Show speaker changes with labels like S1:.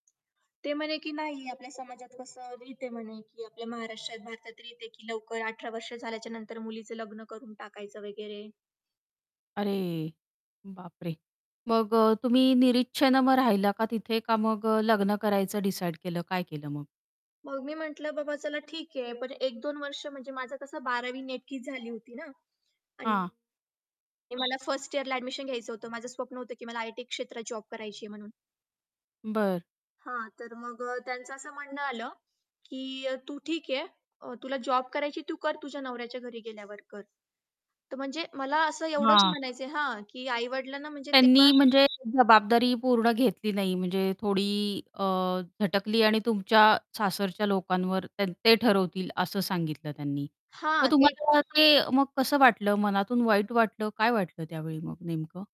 S1: ते म्हणे की "नाही, आपल्या समाजात कसं रित आहे" म्हणे की "आपल्या महाराष्ट्रात, भारतात, रित आहे की" "लवकर 18 वर्ष झाल्याच्या नंतर मुलीचं लग्न करून टाकायचं" वगैरे.
S2: अरे! बापरे! मग अ, तुम्ही निरिच्छेनं मग राहिला का तिथे? का मग अ, लग्न करायचं डिसाईड केलं? काय केलं मग?
S1: मग मी म्हटलं बाबा "चला ठीक आहे. पण 1-2 वर्ष म्हणजे माझं कसं 12वी नेमकीच झाली होती ना."
S2: हां.
S1: आणि मला 1st इअरला एडमिशन घ्यायचं होतं, माझं स्वप्न होतं की मला आयटी क्षेत्रात जॉब करायची आहे म्हणून.
S2: बरं.
S1: हां. तर मग अ, त्यांचं असं म्हणणं आलं की अ, "तू ठीक आहे अ, तुला जॉब करायची तू कर तुझ्या नवऱ्याच्या घरी गेल्यावर कर." तर म्हणजे मला असं एवढंच
S2: हां.
S1: म्हणायचंय हां की आई-वडिलांना म्हणजे तेव्हा
S2: त्यांनी म्हणजे जबाबदारी पूर्ण घेतली नाही म्हणजे थोडी अ, झटकली आणि तुमच्या सासरच्या लोकांवर त्यान ते ठरवतील असं सांगितलं त्यांनी.
S1: हां,
S2: मग
S1: ते
S2: तुम्हाला ते मग कसं वाटलं मनातून वाईट वाटलं, काय वाटलं त्यावेळी मग नेमकं?